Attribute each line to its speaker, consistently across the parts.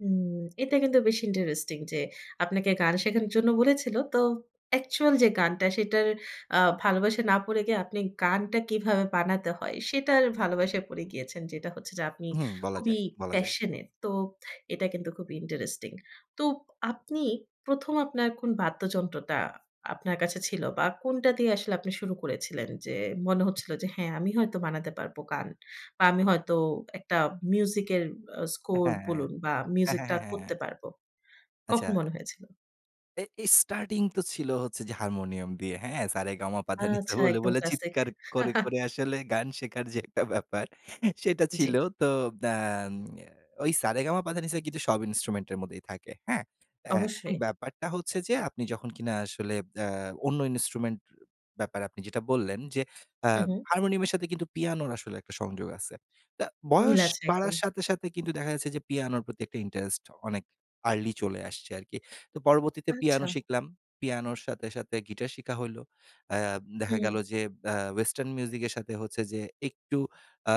Speaker 1: হু, এটা কিন্তু বেশি ইন্টারেস্টিং। যে, আপনাকে গান শেখানোর জন্য বলেছিল। তো, অ্যাকচুয়াল যে গানটা সেটার আ ভালোবাসে না পড়ে গিয়ে আপনি গানটা কীভাবে বানাতে হয় সেটার ভালোবাসায় পড়ে গিয়েছেন। যেটা হচ্ছে যে, আপনি
Speaker 2: হু, বলা
Speaker 1: খুবই
Speaker 2: যায়। বলা যায়।
Speaker 1: passionate. তো, এটা কিন্তু খুবই ইন্টারেস্টিং। তো, আপনি ১ম আপনার কোন বাদ্যযন্ত্রটা আপনার কাছে ছিল? বা কোনটা দিয়ে আসলে আপনি শুরু করেছিলেন? যে, মনে হচ্ছিল যে "হ্যাঁ, আমি হয়তো বানাতে পারব গান। বা আমি হয়তো একটা মিউজিক এর আ স্কোর
Speaker 2: হ্যাঁ।
Speaker 1: বলুন বা মিউজিক
Speaker 2: হ্যাঁ,
Speaker 1: টা
Speaker 2: হ্যাঁ, হ্যাঁ,
Speaker 1: করতে
Speaker 2: হ্যাঁ।
Speaker 1: পারবো।" কখন
Speaker 2: আচ্ছা।
Speaker 1: মনে হয়েছিল?
Speaker 2: এ এই স্টার্টিং তো ছিল হচ্ছে যে, হারমোনিয়াম দিয়ে, হ্যাঁ। সা, রে, গা, মা, পা, ধা, নি, সা
Speaker 1: আচ্ছা,
Speaker 2: বলে,
Speaker 1: একদম
Speaker 2: বলে
Speaker 1: ক্লাসিক।
Speaker 2: চিৎকার করে, করে আসলে গান শেখার যে একটা ব্যাপার, সেটা ছিল।
Speaker 1: জি।
Speaker 2: তো, আ ওই সা, রে, গা, মা, পা, ধা, নি, সা কিন্তু সব ইন্সট্রুমেন্ট এর মধ্যেই থাকে। হ্যাঁ, এ্যাঁ এখন
Speaker 1: অবশ্যই।
Speaker 2: ব্যাপারটা হচ্ছে যে, আপনি যখন কিনা আসলে আ অন্য ইন্সট্রুমেন্ট ব্যাপারে আপনি যেটা বললেন। যে, আ
Speaker 1: হু, হু।
Speaker 2: হারমোনিয়ামের সাথে কিন্তু পিয়ানোর আসলে একটা সংযোগ আছে। তা,
Speaker 1: মিল
Speaker 2: বয়স
Speaker 1: আছে,
Speaker 2: বাড়ার
Speaker 1: একদম।
Speaker 2: সাথে, সাথে কিন্তু দেখা যাচ্ছে যে, পিয়ানোর প্রতি একটা ইন্টারেস্ট অনেক আর্লি চলে আসছে আরকি। তো পরবর্তীতে
Speaker 1: আচ্ছা।
Speaker 2: পিয়ানো শিখলাম। পিয়ানোর সাথে, সাথে গিটার শিখা হইল। আ দেখা
Speaker 1: হু।
Speaker 2: গেল যে, আ ওয়েসটার্ন মিউজিক এর সাথে হচ্ছে যে, একটু আ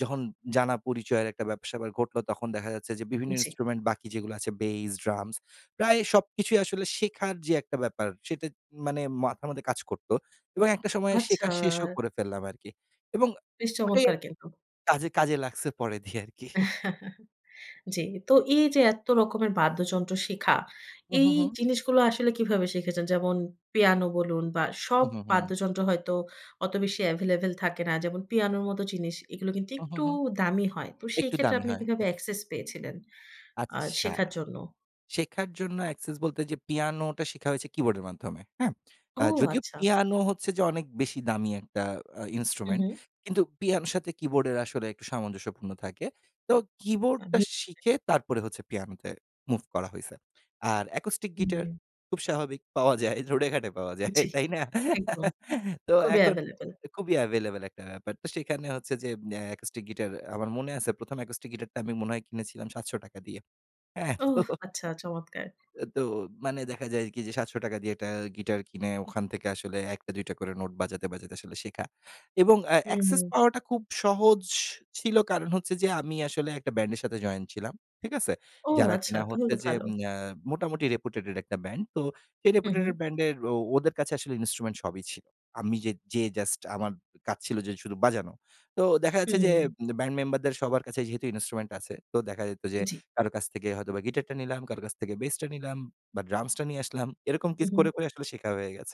Speaker 2: যখন জানা পরিচয়ের একটা ব্যাপার স্যাপার ঘটলো। তখন দেখা যাচ্ছে যে, বিভিন্ন
Speaker 1: জি।
Speaker 2: ইন্সট্রুমেন্ট বাকি যেগুলো আছে বেইস, ড্রামস। প্রায় সবকিছুই আসলে শেখার যে একটা ব্যাপার, সেটা মানে মাথার মধ্যে কাজ করত। এবং একটা সময়
Speaker 1: আচ্ছা।
Speaker 2: শেখা শেষও করে ফেললাম আরকি। এবং
Speaker 1: বেশ
Speaker 2: ওটাই
Speaker 1: চমৎকার কিন্তু।
Speaker 2: কাজে, কাজে লাগছে পরে দিয়ে আরকি।
Speaker 1: জি। তো এই যে এ্যাত্ত রকমের বাদ্যযন্ত্র শিখা।
Speaker 2: হু,
Speaker 1: এই
Speaker 2: হু, হু।
Speaker 1: জিনিসগুলো আসলে কীভাবে শিখেছেন? যেমন, পিয়ানো বলুন বা সব
Speaker 2: হু, হু, হু।
Speaker 1: বাদ্যযন্ত্র হয়তো অত বেশি এভেইলেবল থাকে না। যেমন পিয়ানোর মতো জিনিস। এগুলো কিন্তু
Speaker 2: হু, হু,
Speaker 1: একটু
Speaker 2: হু।
Speaker 1: দামি হয়। তো সেই
Speaker 2: একটু
Speaker 1: ক্ষেত্রে
Speaker 2: দামি
Speaker 1: আপনি
Speaker 2: হয়।
Speaker 1: কীভাবে অ্যাক্সেস পেয়েছিলেন আ
Speaker 2: আচ্ছা।
Speaker 1: শেখার জন্য?
Speaker 2: শেখার জন্য অ্যাকসেস বলতে যে পিয়ানোটা শিখা হইছে কীবোর্ডের মাধ্যমে, হ্যাঁ। আ
Speaker 1: ও,
Speaker 2: যদিও
Speaker 1: আচ্ছা।
Speaker 2: পিয়ানো হচ্ছে যে অনেক বেশি দামি একটা আ
Speaker 1: হু,
Speaker 2: ইন্সট্রুমেন্ট।
Speaker 1: হু।
Speaker 2: কিন্তু পিয়ানোর সাথে কীবোর্ডের আসলে একটু সামঞ্জস্যপূর্ণ থাকে। তো, কীবোর্ডটা
Speaker 1: আমি
Speaker 2: শিখে তারপরে হচ্ছে পিয়ানোতে মুভ করা হইছে। আর অ্যাকুস্টিক গিটার,
Speaker 1: হুম।
Speaker 2: খুব স্বাভাবিক পাওয়া যায়। রোডে ঘাটে পাওয়া যায়।
Speaker 1: জি,
Speaker 2: তাই না?
Speaker 1: একদম।
Speaker 2: তো
Speaker 1: খুবই
Speaker 2: এখন
Speaker 1: এভেইলেবল।
Speaker 2: খুবই এভেইলেবল একটা ব্যাপার। তো সেখানে হচ্ছে যে, আ অ্যাকুস্টিক গিটার আমার মনে আছে ১ম অ্যাকুস্টিক গিটারটা আমি মনে হয় কিনেছিলাম ৭০০ টাকা দিয়ে। এ্যাঁ তো,
Speaker 1: ওহ, আচ্ছা, চমৎকার।
Speaker 2: তো মানে দেখা যায় কি? যে, ৭০০ টাকা দিয়ে একটা গিটার কিনে, ওখান থেকে আসলে ১ টা, ২ টা করে নোট বাজাতে, বাজাতে আসলে শেখা। এবং আ
Speaker 1: হু, হু।
Speaker 2: অ্যাক্সেস পাওয়াটা খুব সহজ ছিল। কারণ হচ্ছে যে, আমি আসলে একটা ব্যান্ডের সাথে জয়েন ছিলাম। ঠিক আছে।
Speaker 1: ও,
Speaker 2: যারা
Speaker 1: আচ্ছা।
Speaker 2: কিনা
Speaker 1: তাহলে
Speaker 2: হচ্ছে
Speaker 1: তো
Speaker 2: যে,
Speaker 1: ভালো।
Speaker 2: আ মোটামুটি রেপুটেডেট একটা ব্যান্ড। তো, সেই
Speaker 1: হু,
Speaker 2: রেপুটেডেট
Speaker 1: হু।
Speaker 2: ব্যান্ডের ও ওদের কাছে আসলে ইনস্ট্রুমেন্ট সবই ছিল। আমি যে যেয়ে জাস্ট আমার কাজ ছিল যে শুরু বাজানো। তো, দেখা যাচ্ছে যে,
Speaker 1: হু।
Speaker 2: ব্যান্ড মেম্বারদের সবার কাছে যেহেতু ইন্সট্রুমেন্ট আছে। তো, দেখা যেত যে,
Speaker 1: জি।
Speaker 2: কারো কাছ থেকে হয়তোবা গিটারটা নিলাম। কারো কাছ থেকে বেসটা নিলাম বা ড্রামসটা নিয়ে আসলাম। এরকম
Speaker 1: হু,
Speaker 2: কিছু
Speaker 1: হু।
Speaker 2: করে, করে আসলে শেখা হয়ে গেছে।